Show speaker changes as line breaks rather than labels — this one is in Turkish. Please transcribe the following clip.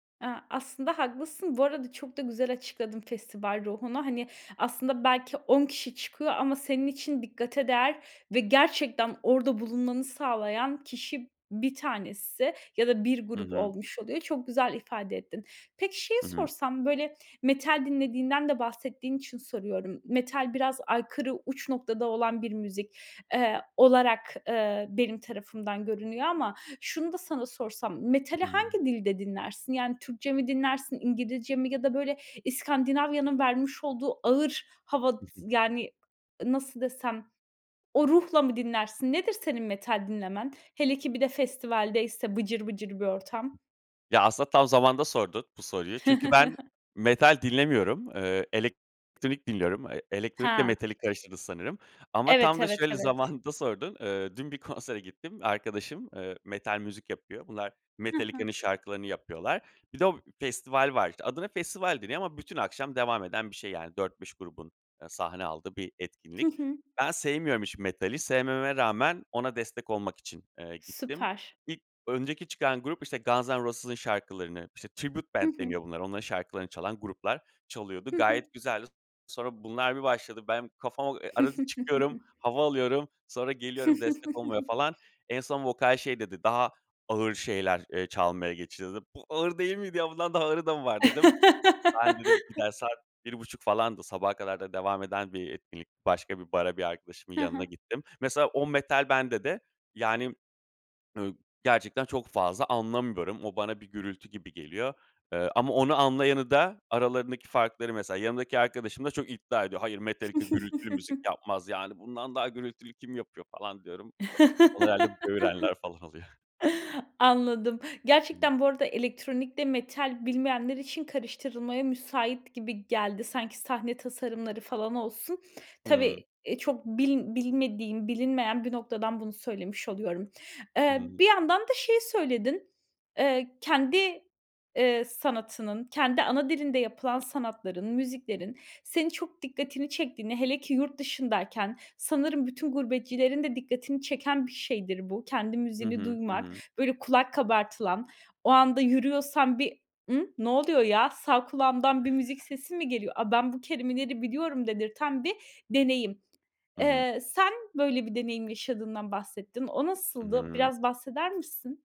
Eee, aslında haklısın. Bu arada çok da güzel açıkladın, festival ruhunu. Hani, aslında belki 10 kişi çıkıyor ama senin için dikkate değer ve gerçekten orada bulunmanı sağlayan kişi, bir tanesi ya da bir
Hı
grup
hı.
olmuş oluyor. Çok güzel ifade ettin. Peki, şeyi
Hı hı.
sorsam, böyle, metal dinlediğinden de bahsettiğin için soruyorum. Metal biraz aykırı, uç noktada olan bir müzik, eee, olarak benim tarafımdan görünüyor ama şunu da sana sorsam, metali
Hıı.
hangi dilde dinlersin? Yani, Türkçe mi dinlersin? İngilizce mi ya da, böyle, İskandinavya'nın vermiş olduğu ağır hava, yani, nasıl desem, o ruhla mı dinlersin? Nedir, senin metal dinlemen? Hele ki, bir de festivaldeyse, bıcır bıcır bir ortam.
Ya, aslında tam zamanında sordun, bu soruyu. Çünkü ben metal dinlemiyorum. Eee, elektronik dinliyorum. Eee, elektronik ile
Ha.
metali karıştırdın, sanırım. Ama
Evet,
tam da
evet,
şöyle
evet.
zamanında sordun. Eee, dün bir konsere gittim. Arkadaşım, eee, metal müzik yapıyor. Bunlar,
Hı hı.
Metallica'nın şarkılarını yapıyorlar. Bir de o festival var işte. Adına festival deniyor ama bütün akşam devam eden bir şey yani. 4-5 grubun sahne aldığı bir
Hı
etkinlik.
hı.
Ben sevmiyorum hiç metali. Sevmememe rağmen, ona destek olmak için, eee, gittim.
Süper.
İlk önceki çıkan grup, işte Guns'n'Roses'ın şarkılarını -işte Tribute
Hı
Band
hı.
deniyor bunlara onların şarkılarını çalan gruplar çalıyordu.
Hı hı.
Gayet güzeldi. Sonra bunlar bir başladı. Ben kafama Arada çıkıyorum, hava alıyorum. Sonra geliyorum, destek olmaya falan. En son vokal şey dedi: Daha ağır şeyler, eee, çalmaya geçiyoruz, dedi. "Bu ağır değil miydi ya, bundan daha ağırı da mı var?" dedim. Ben dedim gider, saat bir buçuk falandı. Sabaha kadar da devam eden bir etkinlik. Başka bir bara, bir arkadaşımın
Ha
yanına
ha.
gittim. Mesela, o metal bende de yani İii, gerçekten çok fazla anlamıyorum. O bana bir gürültü gibi geliyor. Eee, ama onu anlayanı da; aralarındaki farkları mesela yanımdaki arkadaşım da çok iddia ediyor. Hayır, Metallica gürültülü müzik yapmaz. Yani, bundan daha gürültülü kim yapıyor? falan diyorum. O herhâlde böğürenler falan oluyor.
Anladım.
Hıı.
Gerçekten bu arada, elektronik de metal bilmeyenler için karıştırılmaya müsait gibi geldi, sanki; sahne tasarımları falan olsun.
Hıı.
Tabii, eee, çok bil bilmediğim, bilinmeyen bir noktadan bunu söylemiş oluyorum.
Hı
Eee,
hı.
bir yandan da şey söyledin: Eee, kendi, eee, sanatının, kendi ana dilinde yapılan sanatların, müziklerin senin çok dikkatini çektiğini, hele ki, yurt dışındayken sanırım bütün gurbetçilerin de dikkatini çeken bir şeydir bu; kendi
Hı
müziğini
hı. Hı
duymak,
hı.
böyle, kulak kabartılan, o anda yürüyorsan bir; "I, ne oluyor ya? Sağ kulağımdan bir müzik sesi mi geliyor? Aaa, ben bu kelimeleri biliyorum." dedirten bir deneyim.
Hı hı.
Eee, sen böyle bir deneyim yaşadığından bahsettin. O
Hı
nasıldı?
hı.
Biraz bahseder misin?